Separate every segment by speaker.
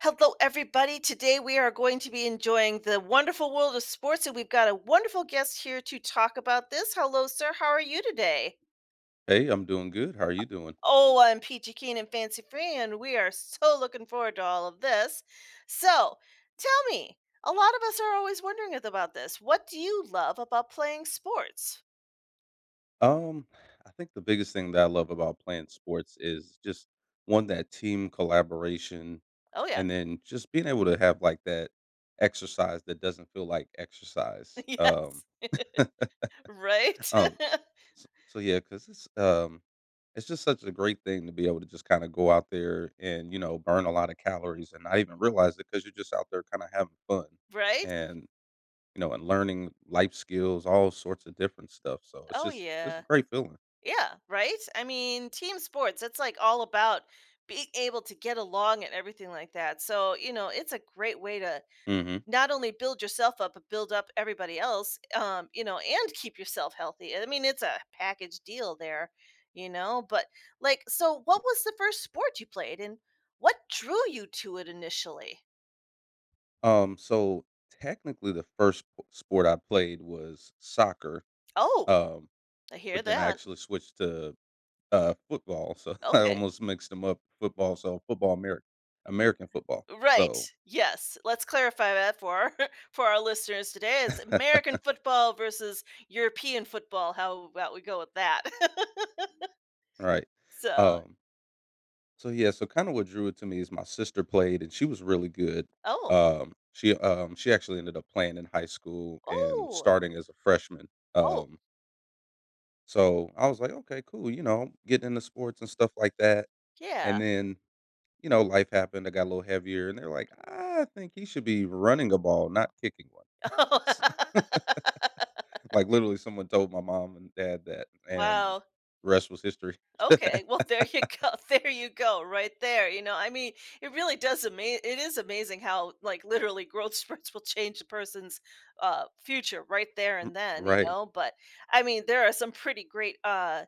Speaker 1: Hello, everybody. Today, we are going to be enjoying the wonderful world of sports, and we've got a wonderful guest here to talk about this. Hello, sir, how are you today?
Speaker 2: Hey, I'm doing good. How are
Speaker 1: Uh
Speaker 2: you doing?
Speaker 1: Oh, I'm peachy keen and fancy-free we are so looking forward to all of this. So, tell me, a lot of us are always wondering a the about this. What do you love about playing sports?
Speaker 2: Um, I think the biggest thing that I love about playing sports is just 1, that team collaboration
Speaker 1: Oh, yeah.
Speaker 2: and then just being able to have, like, that exercise that doesn't feel like exercise.
Speaker 1: Yes.
Speaker 2: Um.
Speaker 1: Right?
Speaker 2: Um, s so yeah 'cause it's, um it's just such a great thing to be able to just kinda go out there and, you know, burn a lotta calories and not even realize it 'cause you're just out there kinda having fun
Speaker 1: Right?
Speaker 2: and, you know, and learning life skills, all sorts of different stuff, so it's
Speaker 1: Oh,
Speaker 2: just it's a
Speaker 1: yeah.
Speaker 2: great feeling.
Speaker 1: Yeah, right? I mean, team sports, it's, like, all about being able to get along and everything like that so, you know, it's a great way to
Speaker 2: Mhm.
Speaker 1: not only build yourself up, but build up everybody else, um, you know, and keep yourself healthy, I mean, it's a package deal there, you know, but, like so what was the 1st sport you played and what drew you to it initially?
Speaker 2: Um, so, technically, the first sp sport I played was soccer,
Speaker 1: Oh!
Speaker 2: um,
Speaker 1: I hear
Speaker 2: but then I
Speaker 1: that.
Speaker 2: actually switched to, uh, football. So I
Speaker 1: Okay.
Speaker 2: almost mixed 'em up football so football Amer American football,
Speaker 1: Right.
Speaker 2: so
Speaker 1: Yes. Let's clarify that for our for our listeners today. It's American football versus European football, how about we go with that?
Speaker 2: Right.
Speaker 1: So
Speaker 2: Um So, yeah so kinda what drew it to me is my sister played and she was really good,
Speaker 1: Oh.
Speaker 2: um, she um, she actually ended up playing in high school and
Speaker 1: Ooh!
Speaker 2: starting as a freshman,
Speaker 1: Oh.
Speaker 2: um So I was like, "Okay, cool," you know? Getting into sports and stuff like that,
Speaker 1: Yeah.
Speaker 2: and then, you know, life happened, I got a little heavier, and they're like, "I think he should be running a ball, not kicking one."
Speaker 1: Oh.
Speaker 2: S like, literally, someone told my mom and dad that, and
Speaker 1: Wow.
Speaker 2: rest was history.
Speaker 1: Okay. Well, there you go, there you go, right there. You know, I mean, it really does ama it is amazing how, like, literally growth spurts will change a person's, uh, future right there
Speaker 2: M
Speaker 1: and then, you
Speaker 2: Right.
Speaker 1: know, but, I mean, there are some pretty great, uh,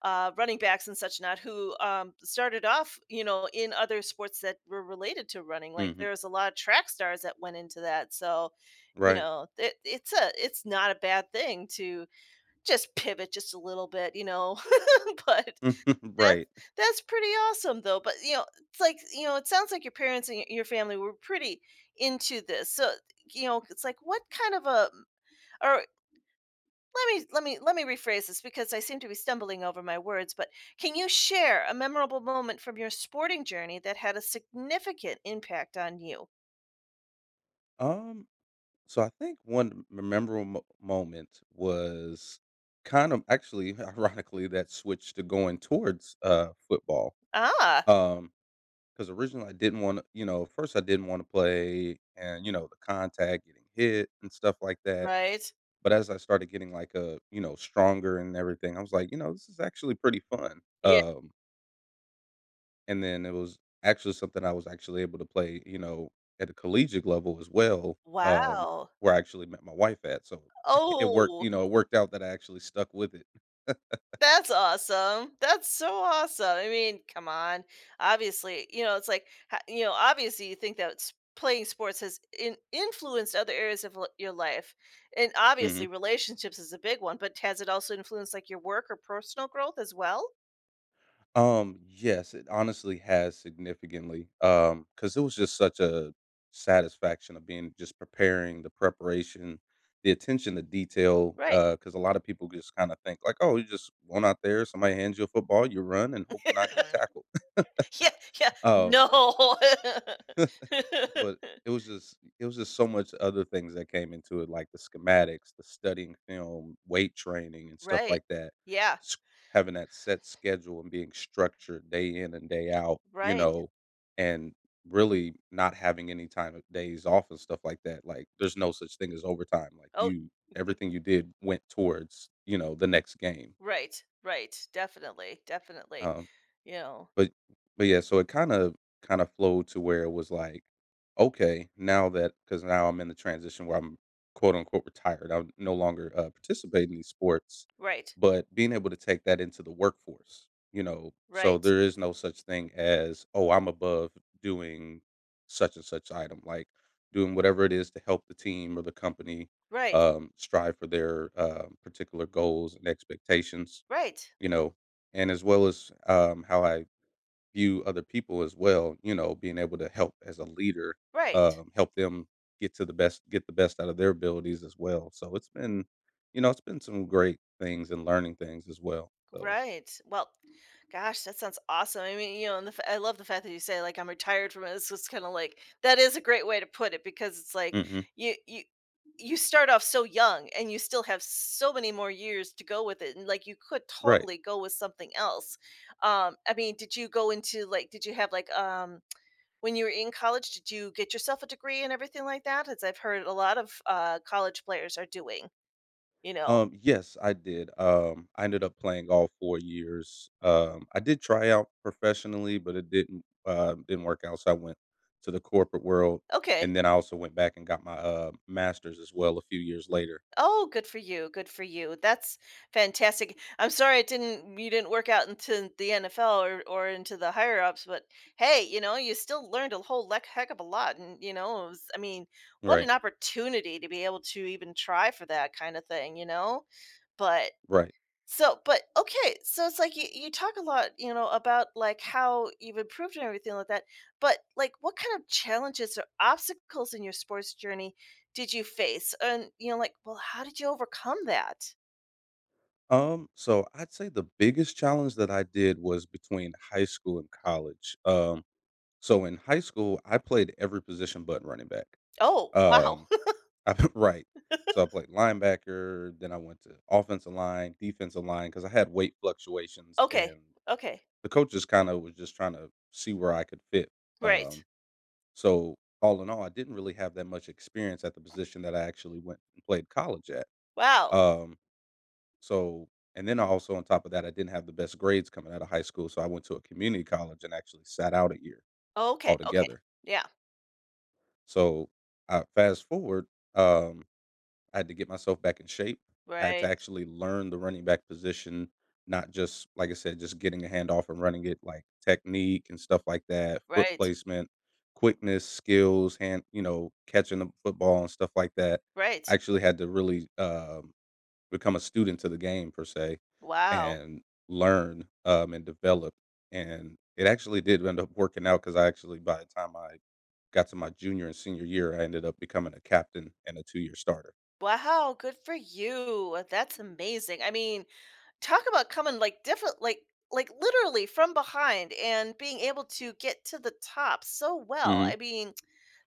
Speaker 1: uh, running backs and such not who, um, started off, you know, in other sports that were related to running, like,
Speaker 2: Mhm.
Speaker 1: there's a lotta track stars that went into that, so, you
Speaker 2: Right.
Speaker 1: know, it it's a it's not a bad thing to just pivot just a little bit, you know, but that's
Speaker 2: Right.
Speaker 1: that's pretty awesome, though, but, you know, it's like you know, it sounds like your parents and y your family were pretty into this, so, you know, it's like, what kind of a or lemme lemme lemme rephrase this because I seem to be stumbling over my words, but can you share a memorable moment from your sporting journey that had a significant impact on you?
Speaker 2: Um, so I think one memorable mo moment was kind of actually, ironically, that switch to going towards, uh, football,
Speaker 1: Ah.
Speaker 2: um, 'cause originally I didn't wanna you know, first, I didn't wanna play and, you know, the contact, getting hit, and stuff like that,
Speaker 1: Right.
Speaker 2: but as I started getting, like, uh, you know, stronger and everything, I was like, "You know, this is actually pretty fun,"
Speaker 1: Ye
Speaker 2: um And then it was actually something I was actually able to play, you know, at a collegiate level as well, um,
Speaker 1: Wow.
Speaker 2: where I actually met my wife at, so, it worked
Speaker 1: Oh.
Speaker 2: you know, it worked out that I actually stuck with it.
Speaker 1: That's awesome. That's so awesome, I mean, come on obviously you know, it's, like, h you know, obviously, you think that sp playing sports has in influenced other areas of li your life, and, obviously,
Speaker 2: Mhm.
Speaker 1: relationships is a big one, but t has it also influenced, like, your work or personal growth as well?
Speaker 2: Um, yes it honestly has significantly um, 'cause it was just such a satisfaction of being just preparing the preparation the attention to detail
Speaker 1: Right.
Speaker 2: uh, 'cause a lot of people just kinda think, like, "Oh, you just went out there, somebody hands you a football, you run, and hope to not get tackled.
Speaker 1: Yeah, yeah
Speaker 2: Um
Speaker 1: no.
Speaker 2: but it was just it was just so much other things that came into it, like the schematics, the studying film, weight training, and stuff
Speaker 1: Right,
Speaker 2: like that.
Speaker 1: yeah.
Speaker 2: Having that set schedule and being structured day in and day out, you
Speaker 1: Right.
Speaker 2: know, and really not having any time of days off and stuff like that, like, there's no such thing as overtime, like
Speaker 1: Oh.
Speaker 2: you everything you did went towards, you know, the next game.
Speaker 1: Right, right, definitely, definitely,
Speaker 2: Um,
Speaker 1: you know?
Speaker 2: but but yeah, so, it kinda kinda flowed to where it was, like, okay, now that 'cause now I'm in the transition where I'm, quote, unquote "retired," I no longer, uh, participate in these sports,
Speaker 1: Right.
Speaker 2: but being able to take that into the workforce, you know? So,
Speaker 1: Right.
Speaker 2: there is no such thing as, "Oh, I'm above doing such and such item," like, doing whatever it is to help the team, or the company,
Speaker 1: Right.
Speaker 2: um, strive for their, uh, particular goals and expectations.
Speaker 1: Right.
Speaker 2: You know, and as well as, um, how I view other people as well, you know, being able to help as a leader,
Speaker 1: Right.
Speaker 2: um, help them get to the best get the best out of their abilities as well, so, it's been, you know, it's been some great things and learning things as well, so
Speaker 1: Right, well, gosh, that sounds awesome, I mean you know, and the I love the fact that you say, like, "I'm retired from" it's just kinda, like, that is a great way to put it because it's, like,
Speaker 2: Mm-mm.
Speaker 1: y y you start off so young, and you still have so many more years to go with it, and, like, you could
Speaker 2: Right.
Speaker 1: totally go with something else. Um, I mean, did you go into, like did you have, like, um when you were in college, did you get yourself a degree and everything like that, as I've heard a lot of, uh, college players are doing. You know?
Speaker 2: Um, yes I did. Um, I ended up playing all 4 years. Um, I did try out professionally, but it didn't um, didn't work out, so, I went to the corporate world,
Speaker 1: Okay.
Speaker 2: and then I also went back and got my, uh, masters, as well, a few years later.
Speaker 1: Oh, good for you, good for you, that's fantastic. I'm sorry it didn't you didn't work out into the NFL or or into the higher ups, but hey, you know, you still learned a whole leck heck of a lot and, you know, it was I mean what an
Speaker 2: Right.
Speaker 1: opportunity to be able to even try for that kinda thing, you know. But
Speaker 2: Right.
Speaker 1: so but okay so, it's, like, y you talk a lot you know, about like, how you've improved and everything like that, but, like, what kinda challenges or obstacles in your sports journey did you face, and, you know like well how did you overcome that?
Speaker 2: Um, so, I'd say the biggest challenge that I did was between high school and college. Um, so, in high school, I played every position but running back.
Speaker 1: Oh, wow.
Speaker 2: Um, I've Right, so, I played linebacker, then I went to offensive line, defensive line, 'cause I had weight fluctuations,
Speaker 1: Okay,
Speaker 2: and
Speaker 1: okay.
Speaker 2: the coaches kinda was just trying to see where I could fit,
Speaker 1: Right.
Speaker 2: um so, all in all, I didn't really have that much experience at the position that I actually went and played college at.
Speaker 1: Wow.
Speaker 2: Um, so and then I also, on top of that, I didn't have the best grades coming out of high school, so, I went to a community college and actually sat out a year
Speaker 1: Oh, okay, okay,
Speaker 2: altogether.
Speaker 1: yeah.
Speaker 2: So, I fast forward, um, I had to get myself back in shape. I had to
Speaker 1: Right.
Speaker 2: actually learn the running back position, not just, like I said, just getting a hand off and running it, like, technique and stuff like that, foot
Speaker 1: Right.
Speaker 2: placement, quickness, skills, hand you know, catching a football and stuff like that. I
Speaker 1: Right.
Speaker 2: actually had to really, um, become a student to the game per se
Speaker 1: Wow.
Speaker 2: and learn, um, and develop, and it actually did end up working out 'cause I actually by the time I got to my junior and senior year, I ended up becoming a captain and a two-year starter.
Speaker 1: Wow, good for you, that's amazing. I mean, talk about coming like, different like like, literally from behind and being able to get to the top so well,
Speaker 2: Mhm.
Speaker 1: I mean,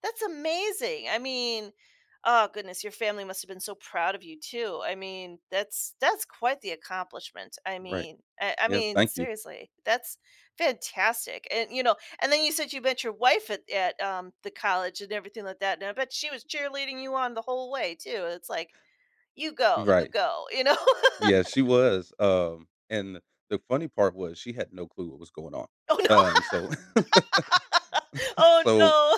Speaker 1: that's amazing I mean oh goodness, your family must have been so proud of you, too. I mean, that's that's quite the accomplishment, I
Speaker 2: Right.
Speaker 1: mean I I
Speaker 2: Yeah,
Speaker 1: mean,
Speaker 2: thank you.
Speaker 1: seriously, that's fantastic, and, you know and then you said you met your wife at at, um, the college and everything like that, and I bet she was cheerleading you on the whole way too, it's, like, "You go you
Speaker 2: Right.
Speaker 1: go," you know?
Speaker 2: Yeah, she was, um and the funny part was she had no clue what was going on.
Speaker 1: Oh, no.
Speaker 2: Um, so
Speaker 1: Oh,
Speaker 2: so,
Speaker 1: no,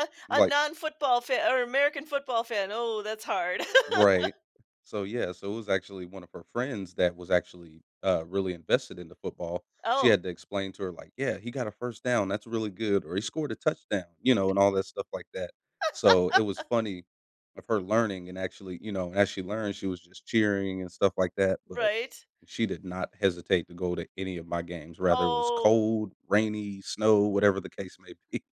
Speaker 1: a a
Speaker 2: like
Speaker 1: non football fan or American football fan, oh that's hard.
Speaker 2: Right. So, yeah so, it was actually one of her friends that was actually, uh, really invested into football. She
Speaker 1: Oh.
Speaker 2: had to explain to her, like, "Yeah, he got a 1st down, that's really good," or, "he scored a touchdown," you know, and all that stuff like that. So, it was funny of her learning and actually you know, as she learned, she was just cheering and stuff like that, but
Speaker 1: Right.
Speaker 2: she did not hesitate to go to any of my games, rather it was
Speaker 1: Oh.
Speaker 2: cold, rainy, snow, whatever the case may be.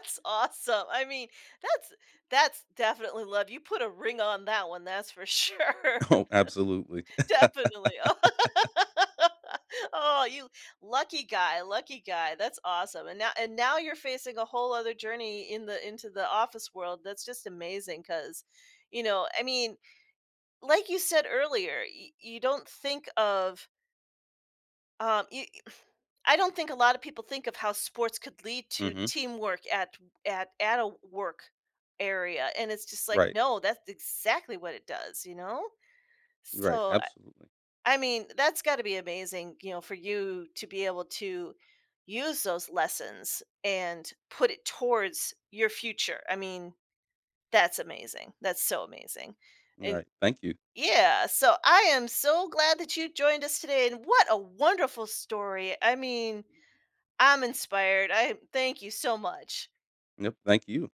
Speaker 1: awesome. I mean that's that's definitely love, you put a ring on that one, that's for sure.
Speaker 2: Oh, absolutely.
Speaker 1: Definitely, oh Oh, you lucky guy, lucky guy, that's awesome, and now and now you're facing a whole other journey in the into the office world, that's just amazing 'cause, you know I mean, like you said earlier, y you don't think of um, y you I don't think a lot of people think of how sports could lead to
Speaker 2: Mhm.
Speaker 1: teamwork at at at a work area, and it's just, like,
Speaker 2: Right.
Speaker 1: no, that's exactly what it does, you know?
Speaker 2: Right,
Speaker 1: So,
Speaker 2: absolutely.
Speaker 1: I mean, that's gotta be amazing, you know, for you to be able to use those lessons and put it towards your future. I mean, that's amazing, that's so amazing, and
Speaker 2: Alright, thank you.
Speaker 1: Y yeah so, I am so glad that you joined us today, and what a wonderful story, I mean, I'm inspired, I'm thank you so much.
Speaker 2: Yep, thank you.